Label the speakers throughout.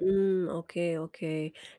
Speaker 1: Mmm, oke oke.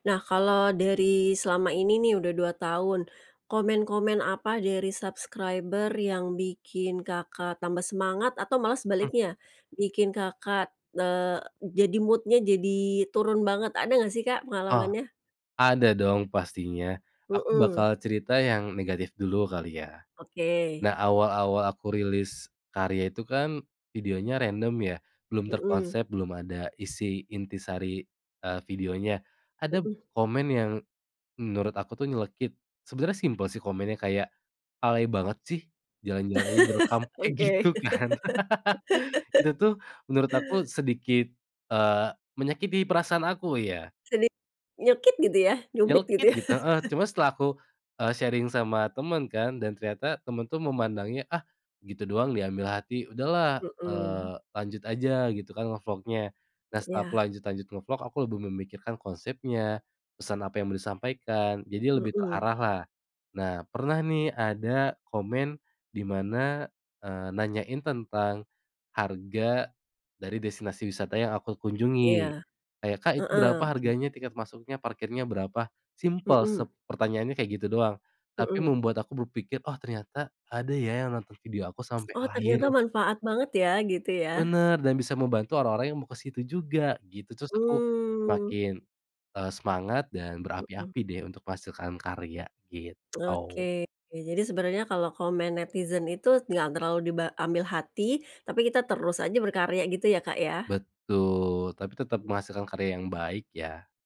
Speaker 1: Nah, kalo dari selama ini nih udah 2 tahun, komen-komen apa dari subscriber yang bikin Kakak tambah semangat atau malah
Speaker 2: Mhm.
Speaker 1: sebaliknya, bikin Kakak, eee, jadi mood-nya jadi turun banget? Ada enggak sih Kak
Speaker 2: Oh,
Speaker 1: pengalamannya?
Speaker 2: ada dong pastinya. Aku
Speaker 1: Mhm.
Speaker 2: bakal cerita yang negatif dulu kali ya.
Speaker 1: Oke.
Speaker 2: Nah awal-awal aku rilis karya itu kan videonya random ya, belum
Speaker 1: Mhm.
Speaker 2: terkonsep, belum ada isi intisari, eee, videonya. Ada p
Speaker 1: Mhm.
Speaker 2: komen yang menurut aku tuh nyelekit, sebenarnya simpel sih komennya kayak, "Alay banget sih, jalan-jalan aja direkam." Kayak
Speaker 1: Oke.
Speaker 2: gitu kan. Itu tuh menurut aku sedikit, eee, menyakiti perasaan aku ya.
Speaker 1: Sedik nyelekit gitu ya? Nyubit gitu
Speaker 2: Nyelekit
Speaker 1: ya?
Speaker 2: gitu, heeh, cuma setelah aku, eee, sharing sama temen kan dan ternyata temen tuh memandangnya, "Ah gitu doang diambil hati, udah lah,
Speaker 1: Mhm.
Speaker 2: eee, lanjut aja gitu kan ngevlognya." Nah
Speaker 1: Mmm,
Speaker 2: setelah aku
Speaker 1: iya.
Speaker 2: lanjut-lanjut ngevlog, aku lebih memikirkan konsepnya, pesan apa yang mau disampaikan, jadi lebih
Speaker 1: Mhm.
Speaker 2: terarah lah. Nah pernah nih ada komen di mana, eee, nanyain tentang harga dari destinasi wisata yang aku kunjungi
Speaker 1: Iya,
Speaker 2: kayak, "Kak itu
Speaker 1: heeh,
Speaker 2: berapa
Speaker 1: oke.
Speaker 2: harganya? Tiket masuknya parkirnya berapa?" Simpel
Speaker 1: Mhm.
Speaker 2: sep pertanyaannya kayak gitu doang, tapi
Speaker 1: Mhm.
Speaker 2: membuat aku berpikir, "Oh ternyata ada ya yang nonton video aku sampai
Speaker 1: Oh ternyata
Speaker 2: akhir."
Speaker 1: manfaat banget ya, gitu ya?
Speaker 2: Bener, dan bisa membantu orang-orang yang mau ke situ juga gitu. Tterus aku
Speaker 1: Mmm.
Speaker 2: semakin, eee, semangat dan
Speaker 1: Mhm.
Speaker 2: berapi-api deh untuk menghasilkan karya, gitu.
Speaker 1: Oke, jadi sebenernya kalo komen netizen itu enggak terlalu diba ambil hati, tapi kita terus aja berkarya gitu ya, Kak, ya?
Speaker 2: Betul, tapi tetap
Speaker 1: M
Speaker 2: menghasilkan karya yang baik ya.